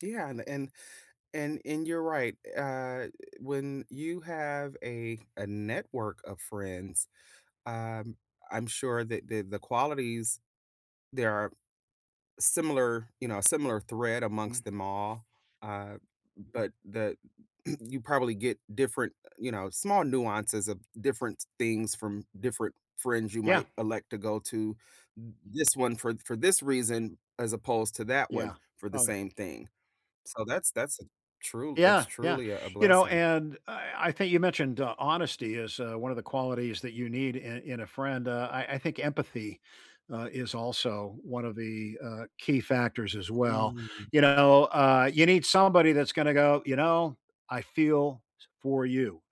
Yeah, an and and and you're right, eh, uh, eh, when you have a a network of friends, um, I'm sure that that the qualities, there are similar you know, similar thread Mm. amongst them all, uh, but the you probably get different, eh, you know, small nuances of different things from different friends you Yeah. might elect to go to th this one for for this reason, as opposed to that one Yeah, for the probably. same thing, so that's that's tru that's Yeah, yeah, truly a a you know blessing. and I I think you mentioned, uh, honesty is, uh, one of the qualities that you need in in a friend, uh, I I think empathy, uh, is also one of the, uh, key factors as well. Hmm. You know, uh, you need somebody that's gonna go, "You know, I feel for you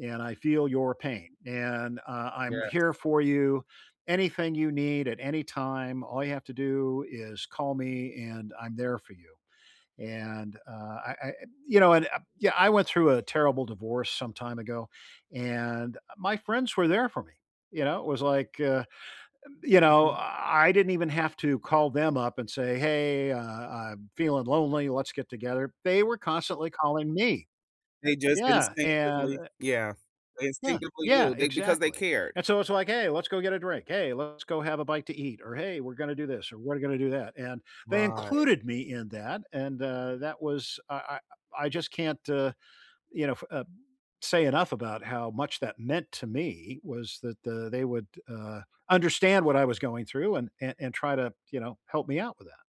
and I feel your pain and, uh, I'm here Yes. for you, anything you need at any time, all you have to do is call me and I'm there for you," and, uh, I I e you know, and uh yeah I went through a terrible divorce some time ago and, uh, my friends were there for me, you know, it was like, uh, you know, Mhm. I didn't even have to call them up and say, "Hey, uh, I'm feeling lonely, let's get together," they were constantly calling me. They just Yeah, and instinctively yeah, they Yeah, instinctively yeah, knew. They because they exactly, cared. and so it's like, "Hey, let's go get a drink. Hey, let's go have a bite to eat," or, "Hey, we're gonna do this or we're going to do that," and they Right. included me in that and, uh, that was I I I just can't, uh, you know, f uh say enough about how much that meant to me was that, uh, they would, uh, understand what I was going through and a and try to, you know, help me out with that.